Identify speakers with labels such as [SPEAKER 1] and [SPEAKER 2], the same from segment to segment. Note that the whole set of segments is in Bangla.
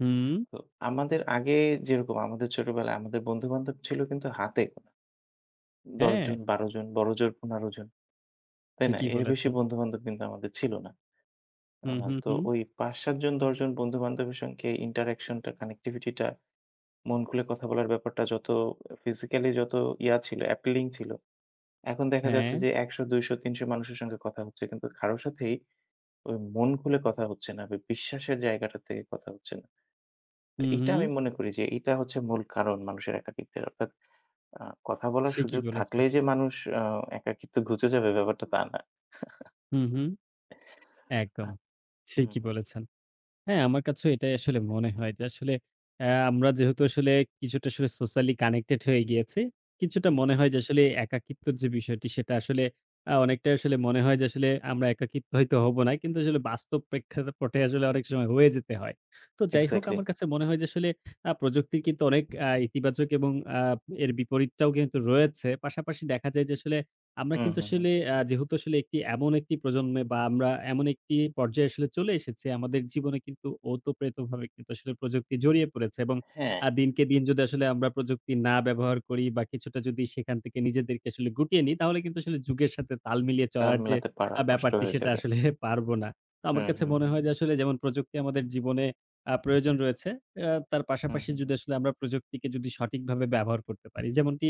[SPEAKER 1] হুম।
[SPEAKER 2] তো আমাদের আগে, যেরকম আমাদের ছোটবেলায় আমাদের বন্ধু বান্ধব ছিল কিন্তু হাতে। ১০ জন,
[SPEAKER 1] হ্যাঁ।
[SPEAKER 2] ১২ জন, বড়জোর ১৫ জন, তাই না?
[SPEAKER 1] ঠিকই,
[SPEAKER 2] এর বেশি
[SPEAKER 1] বলেছেন।
[SPEAKER 2] বন্ধু বান্ধব কিন্তু আমাদের ছিল না। আ
[SPEAKER 1] হুম, হুম,
[SPEAKER 2] তো
[SPEAKER 1] হুম।
[SPEAKER 2] ওই ৫ ৭ জন ১০ জন বন্ধুবান্ধবের সঙ্গে ইন্টারেকশন টা কানেক্টিভিটি টা মন খুলে কথা বলার ব্যাপারটা যত ফিজিক্যাল যত ইয়া ছিল অ্যাপিলিং ছিল। এখন দেখা যাচ্ছে
[SPEAKER 1] হ্যাঁ।
[SPEAKER 2] যে, ১০০, ২০০, ৩০০ মানুষের সঙ্গে কথা হচ্ছে কিন্তু কারো সাথেই, মন খুলে কথা হচ্ছে না, বিশ্বাসের জায়গাটা থেকে কথা হচ্ছে না। তো
[SPEAKER 1] হুম,
[SPEAKER 2] এটা
[SPEAKER 1] হুম।
[SPEAKER 2] আমি মনে করি যে এইটা হচ্ছে মূল কারণ মানুষের একাকিত্বের অর্থাৎ, আ কথা বলার
[SPEAKER 1] ঠিকি
[SPEAKER 2] সুযোগ
[SPEAKER 1] বলেছে।
[SPEAKER 2] থাকলেই যে মানুষ আ একাকিত্ব ঘুচে যাবে ব্যাপারটা তা না।
[SPEAKER 1] হুম, হুম, একদম।
[SPEAKER 2] হুম,
[SPEAKER 1] ঠিকি
[SPEAKER 2] হুম।
[SPEAKER 1] বলেছেন। হ্যাঁ, আমার কাছেও এটাই আসলে মনে হয় যে, আসলে আ আমরা যেহেতু কিছুটা সোশ্যাল্লি কানেক্টেড হয়ে গিয়েছি, কিছুটা
[SPEAKER 2] হুম,
[SPEAKER 1] মনে
[SPEAKER 2] হুম।
[SPEAKER 1] হয় যে আসলে একাকিত্বের যে বিষয়টি, সেটা আসলে আ অনেকটাই মনে হয় যে আসলে আমরা একাকিত্ব হয়তো হব না। কিন্তু আসলে বাস্তব প্রেক্ষাপটে অনেক সময় হয়ে যেতে হয়। তো যাই হোক,
[SPEAKER 2] এক্সাক্টলি।
[SPEAKER 1] আমার কাছে মনে হয় যে আসলে আ প্রযুক্তি কিন্তু অনেক আ ইতিবাচক এবং এর আ বিপরীতটাও কিন্তু রয়েছে। পাশাপাশি দেখা যায় যে, আসলে আমরা
[SPEAKER 2] হুম,
[SPEAKER 1] কিন্তু
[SPEAKER 2] হুম, হুম।
[SPEAKER 1] আসলে যেহেতু আসলে এমন একটি প্রজন্মে বা আমরা এমন একটি পর্যায়ে আসলে চলে এসেছি, আমাদের জীবনে কিন্তু ওতপ্রোতভাবে কিন্তু আসলে প্রযুক্তি জড়িয়ে পড়েছে। এবং
[SPEAKER 2] হ্যাঁ।
[SPEAKER 1] আ দিনকে দিন যদি আসলে আমরা প্রযুক্তি না ব্যবহার করি বা কিছুটা যদি সেখান থেকে নিজেদেরকে আসলে গুটিয়ে নিই, তাহলে কিন্তু আসলে যুগের সাথে তাল মিলিয়ে
[SPEAKER 2] তাল
[SPEAKER 1] চলার যে
[SPEAKER 2] মেলাতে পাড়া কষ্ট
[SPEAKER 1] ব্যাপারটি,
[SPEAKER 2] হয়ে
[SPEAKER 1] সেটা
[SPEAKER 2] যাবে।
[SPEAKER 1] আসলে পারব না। তো আমার
[SPEAKER 2] হুম,
[SPEAKER 1] কাছে
[SPEAKER 2] হুম,
[SPEAKER 1] মনে
[SPEAKER 2] হুম।
[SPEAKER 1] হয় যে, আসলে যেমন প্রযুক্তি আমাদের জীবনে আ প্রয়োজন রয়েছে, তার
[SPEAKER 2] হুম,
[SPEAKER 1] পাশাপাশি
[SPEAKER 2] হুম,
[SPEAKER 1] যদি
[SPEAKER 2] হুম।
[SPEAKER 1] আসলে আমরা প্রযুক্তিকে সঠিকভাবে ব্যবহার করতে পারি। যেমনটি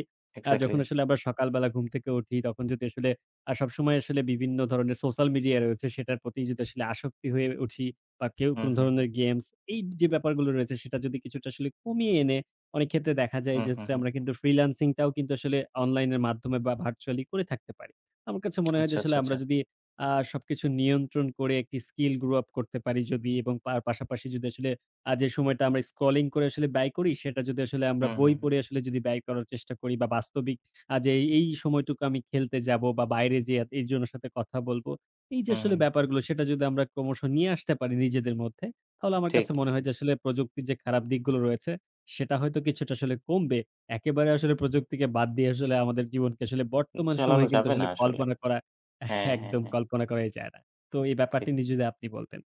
[SPEAKER 1] আ
[SPEAKER 2] এক্সাক্টলি।
[SPEAKER 1] যখন আসলে আমরা সকালবেলা ঘুম থেকে উঠি, তখন যদি আসলে আ সবসময় বিভিন্ন ধরনের সোশ্যাল মিডিয়ার রয়েছে সেটার প্রতি যদি আসলে আসক্ত হয়ে উঠি, বা কেউ
[SPEAKER 2] হুম,
[SPEAKER 1] কোনো
[SPEAKER 2] হুম, হুম।
[SPEAKER 1] ধরনের গেমস এই যে ব্যাপারগুলো রয়েছে, সেটা যদি কিছুটা আসলে কমিয়ে এনে, অনেক ক্ষেত্রে দেখা যায়
[SPEAKER 2] হুম,
[SPEAKER 1] যে
[SPEAKER 2] হুম,
[SPEAKER 1] হচ্ছে
[SPEAKER 2] হুম।
[SPEAKER 1] আমরা কিন্তু ফ্রিল্যান্সিংটাও কিন্তু আসলে অনলাইনের মাধ্যমে বা ভার্চুয়ালি করে থাকতে পারি। আমার কাছে মনে হয় যে,
[SPEAKER 2] আচ্ছা, আচ্ছা,
[SPEAKER 1] আসলে
[SPEAKER 2] আচ্ছা।
[SPEAKER 1] আমরা যদি আ সবকিছু নিয়ন্ত্রণ করে একটি স্কিল গ্রো আপ করতে পারি এবং তার পাশাপাশি যদি আসলে আ যে সময়টা আমরা স্ক্রলিং করে ব্যয় করি, সেটা যদি আসলে আমরা
[SPEAKER 2] হুম,
[SPEAKER 1] বই
[SPEAKER 2] হুম, হুম।
[SPEAKER 1] পড়ে আসলে যদি ব্যয় করার চেষ্টা করি, বা বাস্তবিক আজ এই সময়টুকু আমি খেলতে যাব বা বাইরে এইজনের সাথে কথা বলবো এই যে
[SPEAKER 2] হুম,
[SPEAKER 1] আসলে
[SPEAKER 2] হুম।
[SPEAKER 1] ব্যাপারগুলো, সেটা যদি আমরা ক্রমশ নিয়ে আসতে পারি নিজেদের মধ্যে, তাহলে আমার কাছে
[SPEAKER 2] ঠিক।
[SPEAKER 1] মনে হয় যে আসলে প্রযুক্তির যে খারাপ দিকগুলো রয়েছে, সেটা হয়তো কিছুটা আসলে কমবে। একেবারে আসলে প্রযুক্তিকে বাদ দিয়ে আসলে আমাদের জীবনকে আসলে বর্তমান সময়ে
[SPEAKER 2] চালানো
[SPEAKER 1] কিন্তু
[SPEAKER 2] যাবে না
[SPEAKER 1] আসলে
[SPEAKER 2] আসলে।
[SPEAKER 1] কল্পনা করা
[SPEAKER 2] হ্যাঁ, হ্যাঁ, হ্যাঁ।
[SPEAKER 1] একদমই যায় না। তো এই
[SPEAKER 2] ঠিক।
[SPEAKER 1] ব্যাপারটি নিয়ে যদি আপনি বলতেন?